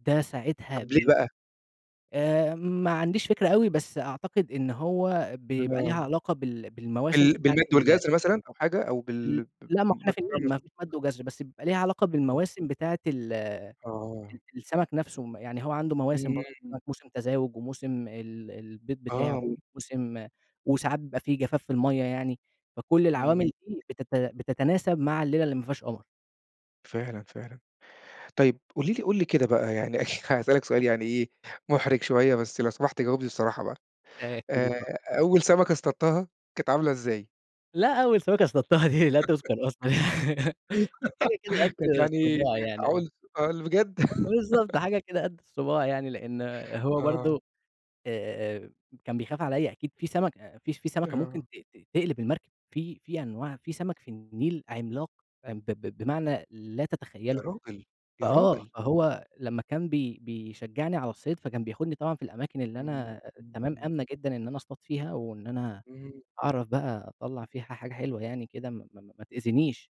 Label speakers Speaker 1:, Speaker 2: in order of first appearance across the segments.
Speaker 1: ده ساعتها
Speaker 2: طب ليه
Speaker 1: ب
Speaker 2: بقى؟
Speaker 1: آآ ما عنديش فكرة أوي، بس أعتقد إن هو بيبقى
Speaker 2: آه.
Speaker 1: ليها علاقة بال بالمواسم
Speaker 2: بال
Speaker 1: بتاعة
Speaker 2: بالمَد
Speaker 1: ال
Speaker 2: والجَزْر مثلًا أو حاجة أو
Speaker 1: ل
Speaker 2: بال ب
Speaker 1: لأ، ما هو إحنا في
Speaker 2: بارتفاع
Speaker 1: النيل، ما
Speaker 2: منسوب
Speaker 1: فيش مَد وجَزْر، بس يبقى ليها علاقة
Speaker 2: آه.
Speaker 1: بالمواسم بتاعة ال ال
Speaker 2: آه.
Speaker 1: السَمَك نفسه م يعني هو عنده مواسم برضه،
Speaker 2: إمم.
Speaker 1: [unintelligible] موسم تزاوج وموسم ال البيض بتاعه
Speaker 2: آه.
Speaker 1: وموسم وساعات بيبقى في جفاف في المَيّة يعني، فكل
Speaker 2: إمم.
Speaker 1: العوامل دي بتت بتتناسب مع الليلة اللي ما فيهاش قمر.
Speaker 2: فعلًا، فعلًا. طيب، قولي لي قُل لي كده بقى، يعني هاسألك سؤال يعني إيه، مُحرِج شوية بس لو سمحت جاوبني بصراحة بقى.
Speaker 1: آآ أكيد
Speaker 2: آآ
Speaker 1: ات
Speaker 2: أول سَمَكة اصطدتها، كانت عاملة إزاي؟
Speaker 1: لأ أول سَمَكة اصطدتها دي لا تُذكَر أصلًا، كانت حاجة كده قد
Speaker 2: كانت يعني
Speaker 1: الصباع يعني، آه.
Speaker 2: معقول معقول، بجد؟!
Speaker 1: فبالضبط. حاجة كده قد الصباع يعني لإن هو
Speaker 2: آه.
Speaker 1: برضه، آآ، آآ كان بيخاف عليّا أكيد في سَمَك أأ فيش في سَمَكة ممكن ت
Speaker 2: آه.
Speaker 1: ت تقلب المركب، في في أنواع في سَمَك في النيل عملاق أ ب بمعنى لا
Speaker 2: يا
Speaker 1: تتخيّله،
Speaker 2: راجل! يا
Speaker 1: فآه.
Speaker 2: راجل!
Speaker 1: فهو لمّا كان بي بيشجّعني على الصيد فكان بياخدني طبعًا في الأماكن اللي
Speaker 2: إمم،
Speaker 1: أنا
Speaker 2: إمم،
Speaker 1: تمام،
Speaker 2: إمم.
Speaker 1: آمنة جدًا إن أنا أصطاد فيها وإن أنا
Speaker 2: إمم.
Speaker 1: أعرف بقى أطلّع فيها حاجة حلوة يعني كده، ما ما ما تأذنيش.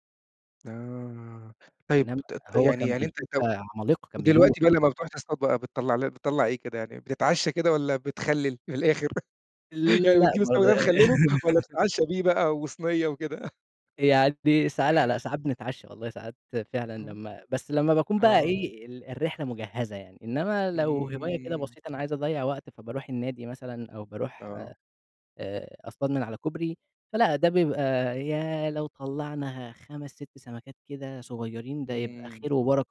Speaker 2: آه. طيب،
Speaker 1: إنّما
Speaker 2: ت ت
Speaker 1: هو
Speaker 2: يعني
Speaker 1: كان
Speaker 2: يعني أنت
Speaker 1: بيجيب
Speaker 2: لو
Speaker 1: عَمَالقة، كان بيجيب
Speaker 2: ودلوقتي بقى
Speaker 1: وحُوش.
Speaker 2: لمّا بتروح بقى تصطاد بقى بتطلّع ل بتطلّع إيه كده؟ يعني بتتعشّى كده والّا بتخلِّل في الآخر؟ يعني
Speaker 1: لأ
Speaker 2: بتجيب السَمَك ده تخلِّله والّا
Speaker 1: [unintelligible]
Speaker 2: بتتعشّى بيه بقى وصنية وكده؟
Speaker 1: يعني ساعا لا، لا ساعات بنتعشى والله، ساعات فعلًا
Speaker 2: إمم.
Speaker 1: لمّا بس لمّا باكون بقى
Speaker 2: آه.
Speaker 1: إيه، ال الرحلة مُجهَّزة يعني. إنّما لو هواية كده
Speaker 2: إمم.
Speaker 1: بسيطة أنا عايز أضيّع وقت، فباروح النادي مثلًا أو باروح
Speaker 2: آه.
Speaker 1: آآ، أصطاد من على كوبري فلأ، ده بيبقى ياه لو طلّعنا 5، 6 سَمَكات كده صغيرين، ده يبقى خير
Speaker 2: إمم
Speaker 1: وبَرَكة.